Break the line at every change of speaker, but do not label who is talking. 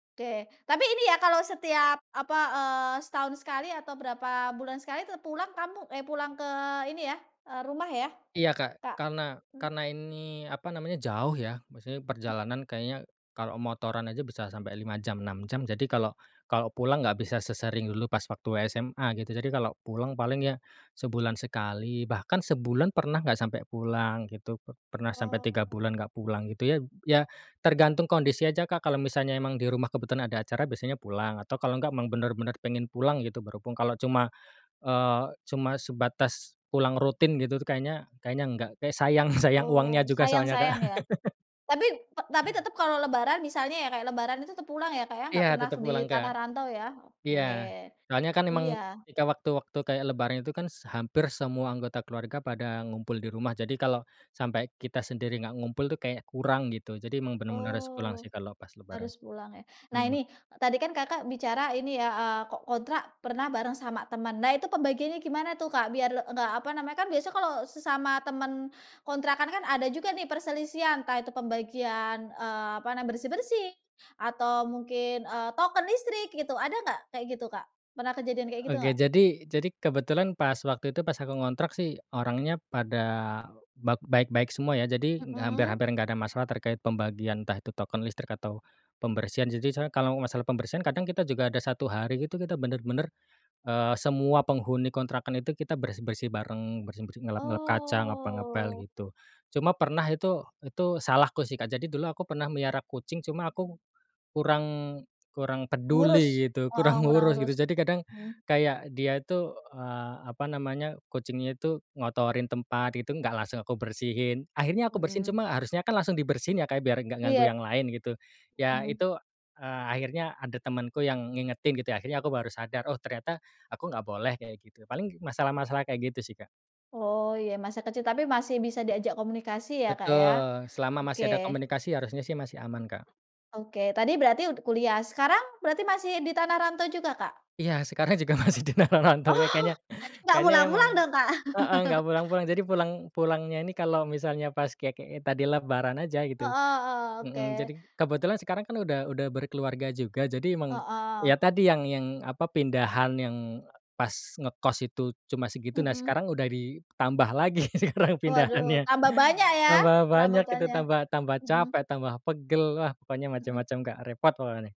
Oke tapi ini ya kalau setiap apa, eee, setahun sekali atau berapa bulan sekali tuh pulang kamu eh, pulang ke ini ya, eee, rumah ya?
Iya Kak
Kak,
karena
mhm.
karena ini apa namanya jauh ya maksudnya
Mmm.
perjalanan kayaknya, kalau motoran aja bisa sampai 5 jam 6 jam jadi kalau kalau pulang nggak bisa sesering dulu pas waktu SMA gitu jadi kalau pulang paling ya, sebulan sekali bahkan sebulan pernah nggak sampai pulang gitu pernah sampai
Oh.
3 bulan nggak pulang gitu ya ya tergantung kondisi aja Kak kalau misalnya emang di rumah kebetulan ada acara biasanya pulang atau kalau nggak emang bener-bener pengen pulang gitu berhubung kalau cuma, eee, cuma sebatas pulang rutin gitu tuh kayaknya kayaknya enggak kayak sayang sayang uangnya
Oh
juga soalnya Kak.
sayang-sayang ya, tapi p tapi tetep kalau lebaran misalnya ya kayak lebaran itu tetap pulang ya Kak ya?
Iya
Nggak pernah
tetep
di
pulang Kak,
tanah rantau ya?
iya
Oke,
soalnya kan emang
iya.
ketika waktu-waktu kayak lebaran itu kan s hampir semua anggota keluarga pada ngumpul di rumah jadi kalau, sampai kita sendiri nggak ngumpul tuh kayak kurang gitu jadi emang bener-bener harus pulang
Oh,
sih kalau pas lebaran,
harus pulang ya. Nah
mhm.
ini tadi kan Kakak bicara ini ya, eee, kok kontrak pernah bareng sama teman nah itu pembagiannya gimana tuh Kak? Biar enggak apa namanya, kan biasa kalau sesama teman, kontrakan kan ada juga nih perselisihan entah itu pembagian, eee, apa nam bersih-bersih atau mungkin, eee, token listrik gitu ada nggak kayak gitu Kak? Pernah kejadian kayak gitu
Oke
nggak?
jadi jadi kebetulan pas waktu itu pas aku ngontrak sih orangnya pada bak baik-baik semua ya jadi hampir
Mhm.
hampir nggak ada masalah terkait pembagian entah itu token listrik atau pembersihan, jadi saya kalau masalah pembersihan kadang kita juga ada 1 hari itu kita bener-bener, eee, semua penghuni kontrakan itu kita bersih-bersih bareng bersih-bersih ngelap-ngelap kaca ngepel-ngepel
Oh.
gitu, cuma pernah itu itu salahku sih Kak, jadi dulu aku pernah melihara kucing cuma aku, kurang kurang
Ngurus,
peduli gitu,
heeh,
kurang
kurang
ngurus
ngurus,
gitu jadi kadang,
mmm.
kayak dia itu, eee, apa namanya, kucingnya itu ngotorin tempat itu enggak langsung aku bersihin. Akhirnya aku bersihin
Mhm.
cuma harusnya kan langsung dibersihin ya Kak, biar enggak ganggu
Iya.
yang lain gitu, ya
Mhm.
itu, eee, akhirnya ada temenku yang ngingetin gitu akhirnya aku baru sadar, oh ternyata aku nggak boleh kayak gitu paling masalah-masalah kayak gitu sih Kak.
Oh ya masa kecil tapi masih bisa diajak komunikasi ya Kak ya.
Betul selama masih
Oke.
ada komunikasi harusnya sih masih aman Kak.
Oke tadi berarti ud kuliah sekarang berarti masih di tanah rantau juga Kak?
Iya sekarang juga masih di tanah rantau ya
Oh
kayaknya
nggak
kayaknya emang
pulang-pulang dong Kak?
heeh, nggak pulang-pulang jadi pulang pulangnya ini kalau misalnya pas kayak kayak tadi lebaran aja gitu,
Heeh heeh,
mhm, jadi
oke.
kebetulan sekarang kan udah udah berkeluarga juga jadi emang
Heeh.
ya tadi yang yang apa pindahan yang pas ngekos itu cuma segitu nah
Mhm.
sekarang udah ditambah lagi sekarang
Waduh
pindahannya,
tambah banyak ya,
tambah banyak itu
perabotannya,
tambah tambah
mhm.
capek tambah pegel wah pokoknya macam-macam
Mhm.
Kak repot pokoknya.